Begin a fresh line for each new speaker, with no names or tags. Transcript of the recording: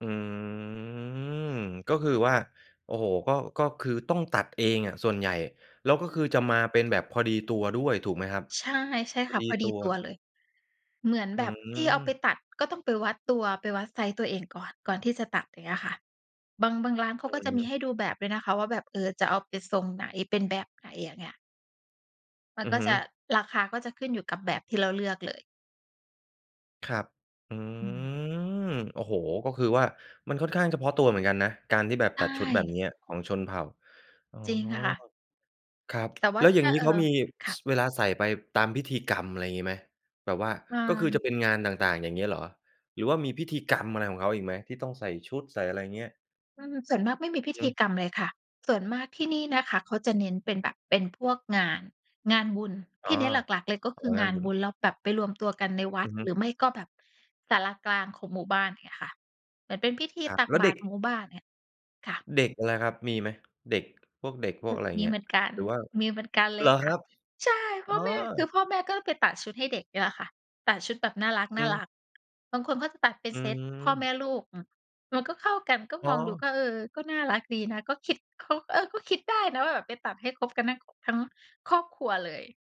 อืม ก็คือว่า โอ้โฮ ก็ ก็คือต้องตัดเองอะส่วนใหญ่ แล้วก็
อื
คือ
ม
จะมาเป็นแบบพอดีตัวด้วยถูกไหมครับ?
ใช่ ใช่
พ
ค
อ
่ะ
ดี
พอด
ต
ี
ัว
ตัวเลย เหมือน
อื
แบบที่เอาไป
ม
ตัด ก็ต้องไปวัดตัว ไปวัดไซซ์ตัวเองก่อน ก่อนที่จะตัด อย่างเงี้ยค่ะ บาง บางร้านเข
อ
า
ื
ก็
อ
จะม
ฮ
ี
ึ
ให้ดูแบบด้วยนะคะว่าแบบ เออ จะเอาไปทรงไหน เป็นแบบไหน อย่างเงี้ย มัน
อื
ก
อ
็
ฮึ
จะ ราคาก็จะขึ้นอยู่กับแบบที่เราเลือกเลย
ครับ อื
อืม
ม โอ้โฮ ก็คือว่ามันค่อนข้างเฉพาะตัวเหมือนกันนะ การที่แบบ
ใช
ตัดชุดแบบ
่
เนี้ยของชนเผ่า อ๋อ
จริงค่ะ
ครับ
แต่ว่
แ
า
ล้ว
ถ
อย่า
้
ง
า
งี้
เอ่
เ
อ
ขามี
ค่
ส
ะ
เวลาใส่ไปตามพิธีกรรมอะไรงี้ไหม แบบว่า
รา
ก็คือจ
น
ะเป็นงานต่าง ๆ อย่างเงี้ยเหรอ? หรือว่ามีพิธีกรรมอะไรของเขาอีกไหม ที่ต้องใส่ชุดใส่อะไร เงี้ย?
อืม ส่วนมากไม่มีพิ
อ
ธี
ืม
กรรมเลยค่ะ ส่วนมากที่นี่นะคะ เขาจะเน้นเป็นแบบเป็นพวกงาน งานบุญ
อ
ท
๋อ
ี่เน้นหลัก ๆ เลยก็
แถว
คือ
บ้
ง
าน
าน
คุ
บ
ณ
ุญ เราแบบไปรวมตัวกันในวั
อื
ด
อฮ
หร
ึ
ือไม่ก็แบบศาลากลางของหมู่บ้าน อย่างเงี้ยค่ะ เหมือนเป็นพิธี
ครับ
ตัก
แล้ว
บ
เ
า
ด็
ตร
ก
หมู่บ้าน เงี้ย ค่ะ
เด็กล่ะครับมีไหม? เด็ก พวกเด็ก พวกอะไรอย่า
ม
งเ
ี
งี้
เห
ย
มือนกัน
หรือว่า
มีเหมือนกันเ
เ
ล
หร
ย
อ
ค
ค
่
ร
ะ
ับ?
ใช่
อ
พ
๋อ
่อแม่ คือพ่อแม่ก็ไปตัดชุดให้เด็ก นี่แหละค่ะ ตัดชุดแบบน่าร
อืม
ัก ๆ บางคนก็จะตัดเป็
อ
น
ื
เซตพ่อแม
ม
่ลูก อือ มันก็เข้ากัน ก็
อ๋
มองดู
อ
ก็ เออ ก็น่ารักดีนะ ก็คิด เขา เออ ก็คิดได้นะว่าแบบไปตัดให้ครบกันทั้ง ค ทั้งครอบครัวเลย